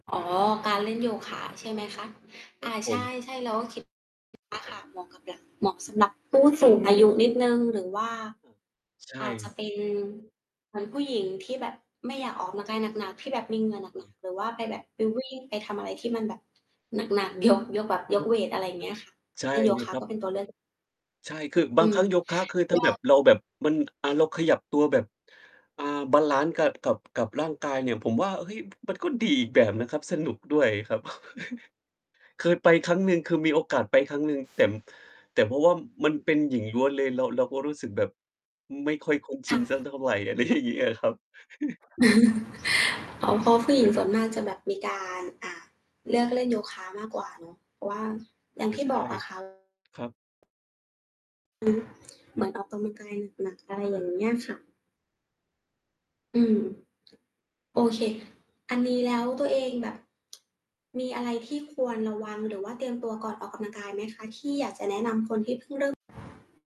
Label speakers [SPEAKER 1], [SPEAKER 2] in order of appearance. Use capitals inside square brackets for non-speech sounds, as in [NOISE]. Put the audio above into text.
[SPEAKER 1] อ๋อ การเล่นโยคะใช่ไหมคะ? อ
[SPEAKER 2] ครั
[SPEAKER 1] า
[SPEAKER 2] บผ
[SPEAKER 1] ใ
[SPEAKER 2] ม
[SPEAKER 1] ช่ ๆ เราก็คิด อา ค่ะเหมาะกับเด็ก เหมาะสำหรับผู้สูงอายุนิดหนึ่ง หรือว่า
[SPEAKER 2] [UNINTELLIGIBLE] ใช
[SPEAKER 1] อาจจะ
[SPEAKER 2] ่
[SPEAKER 1] เป็นเหมือนผู้หญิงที่แบบ ไม่อยากออกกำลังกายหนัก ๆ ที่แบบมีเหงื่อหนัก
[SPEAKER 2] อือ
[SPEAKER 1] ๆ หรือว่าไปแบบไปวิ่ง ไปทำอะไรที่มันแบบ หนัก ๆ ยก ยกแบบย
[SPEAKER 2] ค
[SPEAKER 1] ก
[SPEAKER 2] รับ
[SPEAKER 1] เวต อะไรเงี้ยค่ะ
[SPEAKER 2] ใช่
[SPEAKER 1] เล่นโย
[SPEAKER 2] เล
[SPEAKER 1] ค
[SPEAKER 2] ย
[SPEAKER 1] ะ
[SPEAKER 2] ครั
[SPEAKER 1] ก
[SPEAKER 2] บ
[SPEAKER 1] ็เป็นตัวเลือก
[SPEAKER 2] ใช่ คือ บ
[SPEAKER 1] อื
[SPEAKER 2] างค
[SPEAKER 1] ม
[SPEAKER 2] รั้งโย
[SPEAKER 1] ก
[SPEAKER 2] คะ คือ ถ้า
[SPEAKER 1] ็
[SPEAKER 2] แบบเราแบบ มัน อะ เราขยับตัวแบบ อ่า บาลันซ์กะ กับ กับร่างกายเนี่ย ผมว่า เฮ้ย มันก็ดีอีกแบบนะครับ สนุกด้วยครับ [GIGGLES] เคยไปครั้งหนึ่ง คือมีโอกาสไปครั้งหนึ่ง แต่ ม แต่เพราะว่ามันเป็นหญิงล้วนเลย เรา เราก็รู้สึกแบบ อืม ไม่ค่อยคุ้นช
[SPEAKER 1] ค
[SPEAKER 2] ิ
[SPEAKER 1] ่
[SPEAKER 2] นสัก
[SPEAKER 1] ะ
[SPEAKER 2] เท่าไร อะไรอย่างเงี้ยอะครับ [CHUCKLES]
[SPEAKER 1] [CHUCKLES] อ๋อ เพราะผู้หญิงส่วนม
[SPEAKER 2] [CHUCKLES]
[SPEAKER 1] ากจะแบบมีการ อ่า เลือกเล่น โย คะมากกว่าเนาะ เพราะว่า อย่า
[SPEAKER 2] เ
[SPEAKER 1] ง
[SPEAKER 2] อ
[SPEAKER 1] ท
[SPEAKER 2] อ
[SPEAKER 1] ี่
[SPEAKER 2] ใช
[SPEAKER 1] บ
[SPEAKER 2] ่
[SPEAKER 1] อกอะ ค่ะ
[SPEAKER 2] ครับ
[SPEAKER 1] อือฮึ เหมือนออกกำลังกายหนัก ๆ อะไรอย่างเงี้ยค่ะ อืม โอเค อันนี้แล้วตัวเองแบบ มีอะไรที่ควรระวัง? หรือว่าเตรียมตัวก่อนออกกำลังกายไหมคะ? ที่อยากจะแนะนำคนที่เพิ่งเริ่ม